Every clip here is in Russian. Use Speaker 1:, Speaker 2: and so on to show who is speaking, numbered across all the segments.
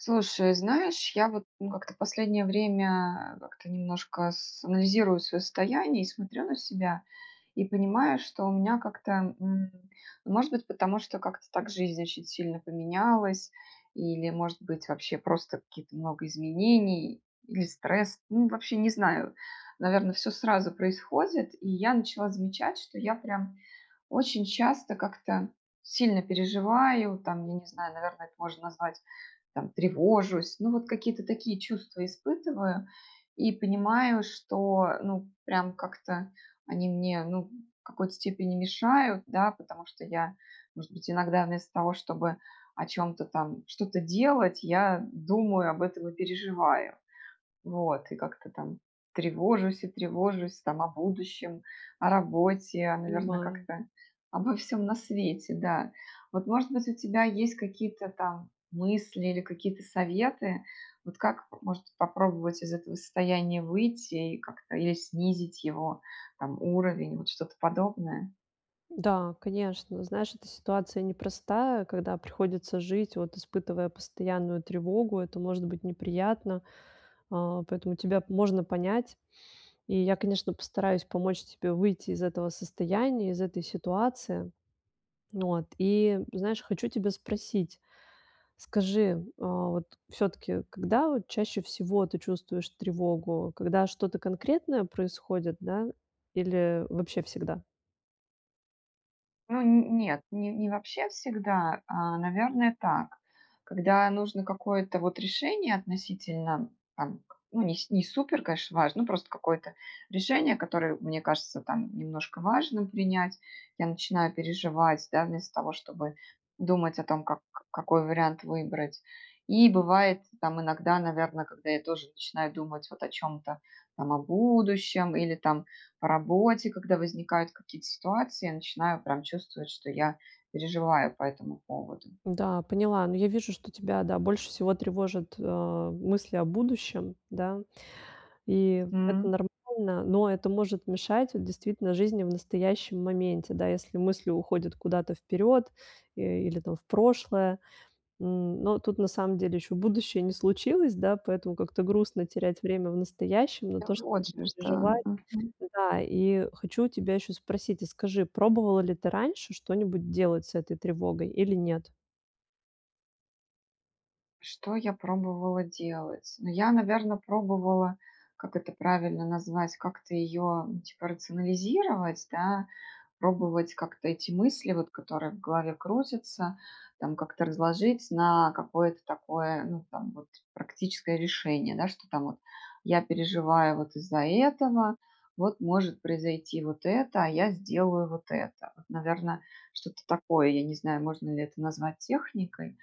Speaker 1: Слушай, знаешь, я вот, ну, как-то в последнее время, а, как-то немножко с анализирую свое состояние и смотрю на себя и понимаю, что у меня как-то, м, может быть, потому что как-то так жизнь очень сильно поменялась или, может быть, вообще просто какие-то много изменений или стресс. Ну, вообще, не знаю, наверно, всё сразу происходит. И я начала замечать, что я прям очень часто как-то сильно переживаю, там, я не знаю, наверное, это можно назвать, там, тревожусь. Ну, вот какие-то такие чувства испытываю и понимаю, что, ну, прям как-то они мне, ну, в какой-то степени мешают, да, потому что я, может быть, иногда вместо того, чтобы о чем-то там, что-то делать, я думаю об этом и переживаю. Вот. И как-то там тревожусь и тревожусь, там, о будущем, о работе, а, наверное,
Speaker 2: Понимаю.
Speaker 1: как-то обо всем на свете, да. Вот, может быть, у тебя есть какие-то там мысли или какие-то советы, вот как может попробовать из этого состояния выйти и как-то или снизить его, там, уровень, вот что-то подобное?
Speaker 2: Да, конечно, знаешь, эта ситуация непростая, когда приходится жить, вот, испытывая постоянную тревогу, это может быть неприятно. А, поэтому тебя можно понять. И я, конечно, постараюсь помочь тебе выйти из этого состояния, из этой ситуации, вот. И, знаешь, хочу тебя спросить: скажи, а, вот, всё-таки, когда от чаще всего ты чувствуешь тревогу, когда что-то конкретное происходит, да, или вообще всегда?
Speaker 1: Ну, н нет. Ни не вообще всегда, а, наверно, так. Когда нужно какое-то вот решение. Относительно, там к ну, ни не супер, конечно, важно. Ну, просто какое-то решение, которое мне кажется там немножко важным принять. Я начинаю переживать, да. Вместо того, чтобы думать о том, как к какой вариант выбрать. И бывает там иногда, наверно. Когда я тоже начинаю думать вот о чём-то. Там о будущем или там по работе, когда возникают какие-то ситуации. Я начинаю прям чувствовать, что я переживаю по этому поводу.
Speaker 2: Да, поняла. Но я вижу, что тебя, да, больше всего тревожат, а, мысли о будущем, да. И это
Speaker 1: М.
Speaker 2: нормально, но это может мешать вот действительно жизни в настоящем моменте, да. Если мысли уходят куда-то вперёд, э, или там в прошлое. М, но тут на самом деле еще будущее не случилось, да. Поэтому как-то грустно терять время в настоящем на
Speaker 1: Да
Speaker 2: то, чтобы
Speaker 1: вот же ж, да,
Speaker 2: переживать
Speaker 1: мгм.
Speaker 2: да. И, э, хочу у тебя ещё спросить и скажи, пробовала ли ты раньше что-нибудь делать с этой тревогой или нет?
Speaker 1: Что я пробовала делать? Ну, я, наверно, пробовала, как это правильно назвать, как-то её, типа, рационализировать, да, пробовать как-то эти мысли, вот которые в голове крутятся, там, как-то разложить на какое-то такое, ну там вот, практическое решение: да, что там вот я переживаю вот из-за этого, вот может произойти вот это, а я сделаю вот это. Вот, наверно, что-то такое, я не знаю, можно ли это назвать техникой,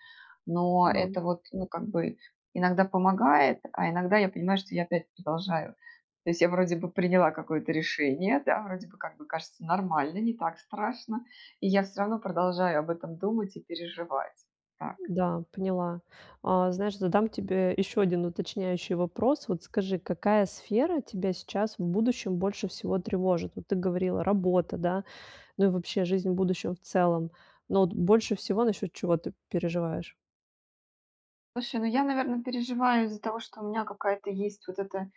Speaker 1: но
Speaker 2: Да.
Speaker 1: это вот, ну как бы, иногда помогает, а иногда я понимаю, что я опять продолжаю. То есть я вроде бы приняла какое-то решение, да, вроде бы, как бы кажется нормально, не так страшно, и я всё равно продолжаю об этом думать и переживать. Так.
Speaker 2: Да, поняла. А, знаешь, задам тебе ещё 1 уточняющий вопрос. Вот скажи, какая сфера тебя сейчас в будущем больше всего тревожит? Вот ты говорила: "Работа", да, ну и вообще жизнь в будущем в целом. Но вот больше всего насчёт чего ты переживаешь?
Speaker 1: Слушай, ну, я, наверно, переживаю из-за того, что у меня какая-то есть вот эта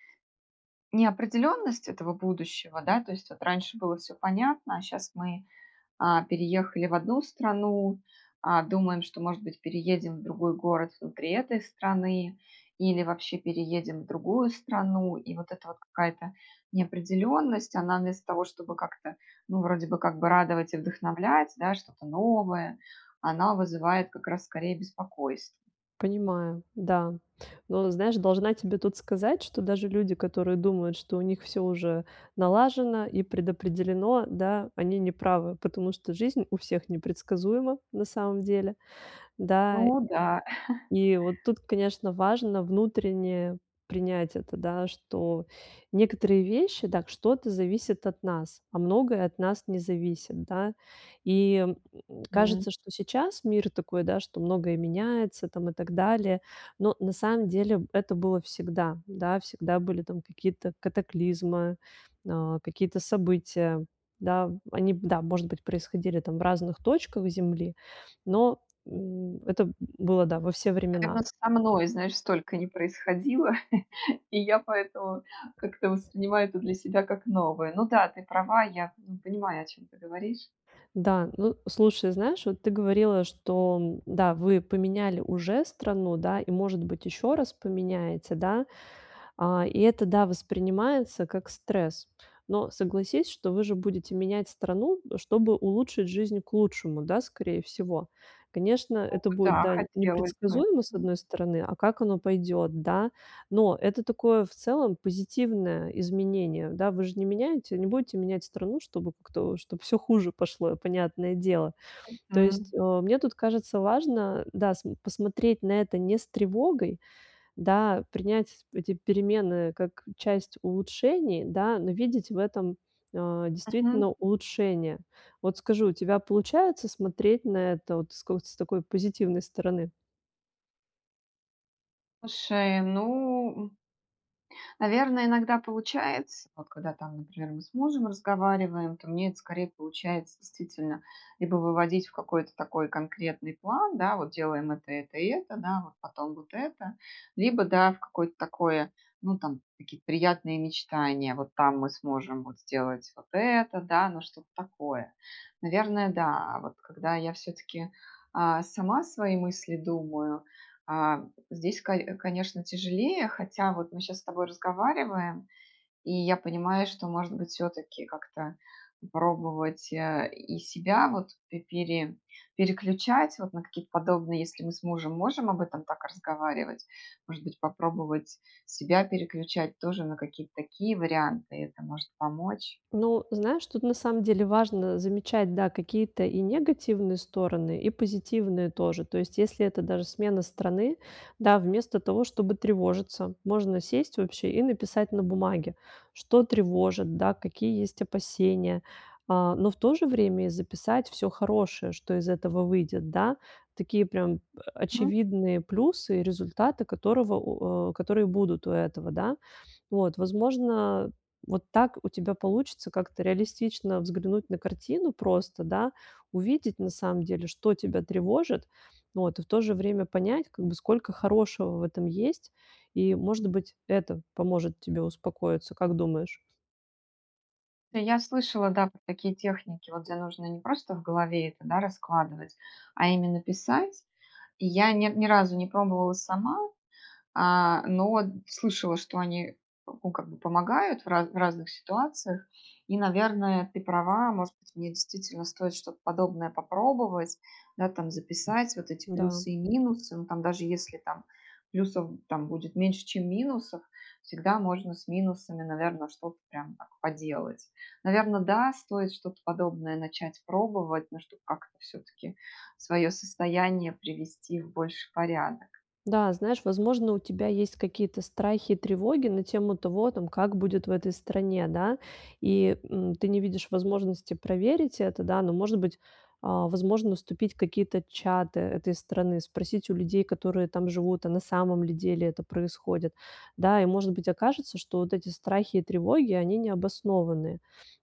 Speaker 1: неопределенность этого будущего, да, то есть вот раньше было всё понятно, а щас мы, а, переехали в одну страну, а, думаем, что, может быть, переедем в другой город внутри этой страны. Или вообще переедем в другую страну. И вот эта вот какая-то неопределенность, она вместо того, чтобы как-то, ну, вроде бы, как бы радовать и вдохновлять, да, что-то новое, она вызывает как раз скорее беспокойство.
Speaker 2: Понимаю. Да. Но, знаешь, должна тебе тут сказать, что даже люди, которые думают, что у них всё уже налажено и предопределено, да, они не правы, потому что жизнь у всех непредсказуема на самом деле, да.
Speaker 1: Ну да.
Speaker 2: И вот тут, конечно, важно внутренне принять это, да, что некоторые вещи, да, что-то зависит от нас, а многое от нас не зависит, да. И
Speaker 1: М.
Speaker 2: кажется, м, что сейчас мир такой, да, что многое меняется там и так далее, но на самом деле это было всегда. Да, всегда были там какие-то катаклизмы, а, какие-то события, да? Они, да, может быть, происходили там в разных точках Земли, но, м, это было, да, во все времена.
Speaker 1: Наверно, со мной, знаешь, столько не происходило, и я поэтому как-то воспринимаю это для себя как новое. Ну да, ты права, я п понимаю, о чём ты говоришь.
Speaker 2: Да. Ну, слушай, знаешь, вот ты говорила, что, да, вы поменяли уже страну, да, и, может быть, ещё раз поменяете, да. А, и это, да, воспринимается как стресс. Но согласись, что вы же будете менять страну, чтобы улучшить жизнь к лучшему, да, скорее всего? Конечно,
Speaker 1: Ну
Speaker 2: это будет,
Speaker 1: да,
Speaker 2: да,
Speaker 1: хотелось бы,
Speaker 2: непредсказуемо с
Speaker 1: мгм.
Speaker 2: одной стороны, а как оно пойдет, да, но это такое в целом позитивное изменение, да. Вы же не меняете не будете менять страну, чтобы кто чтоб всё хуже пошло, понятное дело. То есть,
Speaker 1: Мгм.
Speaker 2: э, мне тут кажется важно, да, см посмотреть на это не с тревогой, да, принять эти перемены как часть улучшений, да, но видеть в этом, а,
Speaker 1: Мгм.
Speaker 2: действительно улучшения. Вот скажи, у тебя получается смотреть на это вот с какой-то с такой позитивной стороны?
Speaker 1: Слушай, ну, м наверно, иногда получается, вот когда там, например, мы с мужем разговариваем, то мне это, скорее, получается действительно либо выводить в какой-то такой конкретный план, да, вот делаем это, это и это, да, а вот потом вот это, либо, да, в какое-то такое, ну там какие-то приятные мечтания: вот там мы сможем вот сделать вот это, да, но что-то такое. Наверное, да. А вот когда я всё-таки, а, сама свои мысли думаю, а, здесь, кои конечно, тяжелее. Хотя вот мы щас с тобой разговариваем, и я понимаю, что, может быть, всё-таки как-то пробовать, э, и себя, вот, п пере переключать, вот на какие-то подобные Если мы с мужем можем об этом так разговаривать, может быть, попробовать себя переключать тоже на какие-то такие варианты, это может помочь.
Speaker 2: Ну, знаешь, тут на самом деле важно замечать, да, какие-то и негативные стороны, и позитивные тоже. То есть если это даже смена страны, да, вместо того, чтобы тревожиться, можно сесть, вообще, и написать на бумаге: что тревожит, да, какие есть опасения. А, но в то же время и записать всё хорошее, что из этого выйдет, да. Такие прям о
Speaker 1: М.
Speaker 2: очевидные плюсы и результаты, которого у о, которые будут у этого, да. Вот. Возможно, вот так у тебя получится как-то реалистично взглянуть на картину, просто, да. Увидеть, на самом деле, что тебя тревожит, вот. И в то же время понять, как бы, сколько хорошего в этом есть, и, может быть, это поможет тебе успокоиться, как думаешь?
Speaker 1: Я слышала, да, про такие техники, вот где нужно не просто в голове это, да, раскладывать, а именно писать. И я ни ни разу не пробовала сама, а, но слышала, что они, ну, как бы помогают в ра в разных ситуациях и, наверное, ты права, может быть, мне действительно стоит что-то подобное попробовать, да, там записать вот эти
Speaker 2: Да.
Speaker 1: плюсы и минусы. Ну, там даже если там плюсов там будет меньше, чем минусов, всегда можно с минусами, наверно, что-то прям так поделать. Наверно, да, стоит что-то подобное начать пробовать, но чтоб как-то всё-таки свое состояние привести в больший порядок.
Speaker 2: Да, знаешь, возможно, у тебя есть какие-то страхи и тревоги на тему того, там, как будет в этой стране, да, и, м, ты не видишь возможности проверить это, да, но, может быть, а, возможно вступить в какие-то чаты этой страны, спросить у людей, которые там живут, а на самом ли деле это происходит, да? И, может быть, окажется, что вот эти страхи и тревоги- они необоснованные,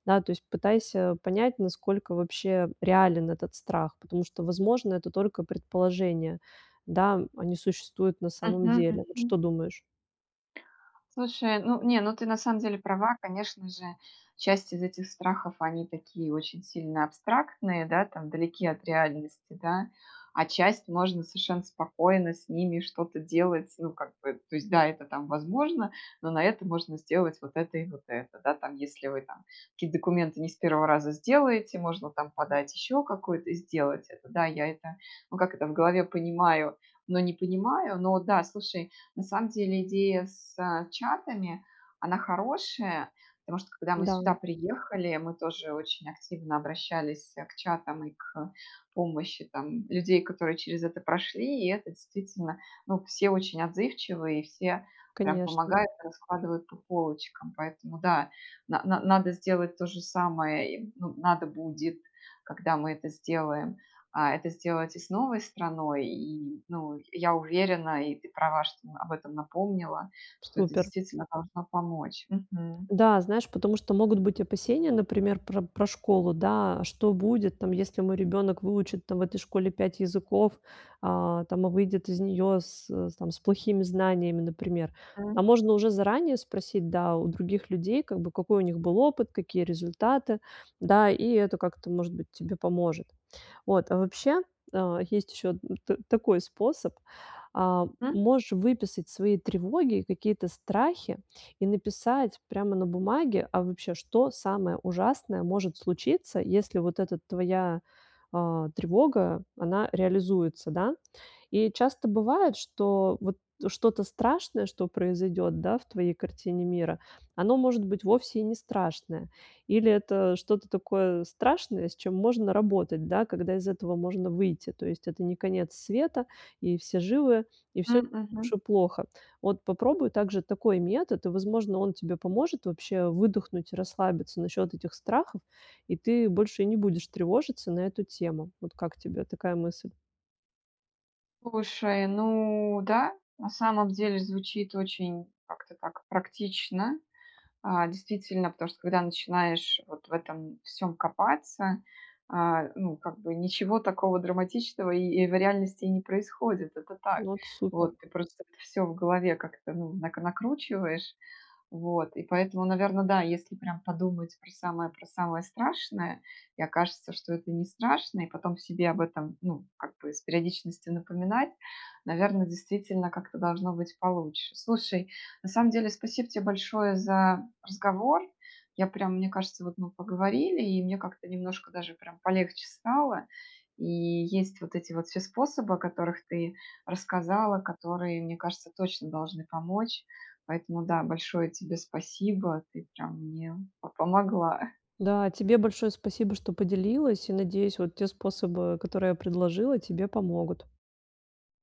Speaker 2: да, то есть пытайся понять, насколько вообще реален этот страх, потому что, возможно, это только предположения, да, а не существуют на самом
Speaker 1: Мгм,
Speaker 2: деле, вот
Speaker 1: мгм.
Speaker 2: что думаешь?
Speaker 1: Слушай, ну, не, ну, ты на самом деле права, конечно же, часть из этих страхов, они такие очень сильно абстрактные, да, там далеки от реальности, да, а часть- можно совершенно спокойно с ними что-то делать. Ну, как бы То есть, да, это там возможно, но на это можно сделать вот это и вот это. Да, там если вы там какие-то документы не с 1 раза сделаете, можно там подать еще какую-то и сделать это. Да, я это, ну, как это, в голове понимаю, но не понимаю. Но, да, слушай, на самом деле идея с, э, чатами, она хорошая, потому что, когда мы сюда
Speaker 2: Да.
Speaker 1: приехали, мы тоже очень активно обращались, э, к чатам и к помощи там людей, которые через это прошли. И это действительно, ну, все очень отзывчивые, и все прям
Speaker 2: Конечно.
Speaker 1: помогают, раскладывают по полочкам. Поэтому, да, на на надо сделать то же самое и, ну, надо будет, когда мы это сделаем, а, это сделать и с новой страной. И, ну, я уверена, и ты права, что, ну, об этом напомнила, что это
Speaker 2: Супер.
Speaker 1: действительно должно помочь. Мгм.
Speaker 2: Да, знаешь, потому что могут быть опасения, например, про про школу, да. А что будет там, если мой ребенок выучит там в этой школе 5 языков, а, там, а выйдет из нее с с там плохими знаниями, например? А
Speaker 1: М.
Speaker 2: можно уже заранее спросить, да, у других людей, как бы, какой у них был опыт, какие результаты, да, и это как-то, может быть, тебе поможет. Вот, а вообще, есть, а, еще та такой способ, а,
Speaker 1: М.
Speaker 2: можешь выписать свои тревоги, какие-то страхи и написать прямо на бумаге: а вообще, что самое ужасное может случиться, если вот эта твоя, а, тревога, она реализуется, да? И часто бывает, что вот что-то страшное, что произойдет, да, в твоей картине мира, оно, может быть, вовсе и не страшное, или это что-то такое страшное, с чем можно работать, да, когда из этого можно выйти, то есть это не конец света, и все живы, и всё не
Speaker 1: М,
Speaker 2: так
Speaker 1: мгм.
Speaker 2: уж и плохо. Вот попробуй также такой метод, и, возможно, он тебе поможет вообще выдохнуть, расслабиться насчет этих страхов, и ты больше не будешь тревожиться на эту тему. Вот как тебе такая мысль?
Speaker 1: Слушай, ну да, на самом деле звучит очень как-то так практично, а, действительно, потому что когда начинаешь вот в этом всём копаться, а, ну, как бы ничего такого драматичного и и в реальности не происходит. Это так.
Speaker 2: Вот, супер.
Speaker 1: Вот. Просто всё в голове как-то, ну, накр накручиваешь. Вот и поэтому, наверно, да, если прям подумать про самое про самое страшное, и окажется, что это не страшно, и потом себе об этом, ну, как бы с периодичностью напоминать, наверно, действительно как-то должно быть получше. Слушай, на самом деле спасибо те большое за разговор. Я прямо Мне кажется, что вот мы поговорили, и мне как-то немножко даже прям полегче стало. И есть вот эти вот все способы, о которых ты рассказала, которые, мне кажется, точно должны помочь. Поэтому, да, большое тебе спасибо, ты прям мне по помогла.
Speaker 2: Да, тебе большое спасибо, что поделилась, и надеюсь, вот те способы, которые я предложила, тебе помогут.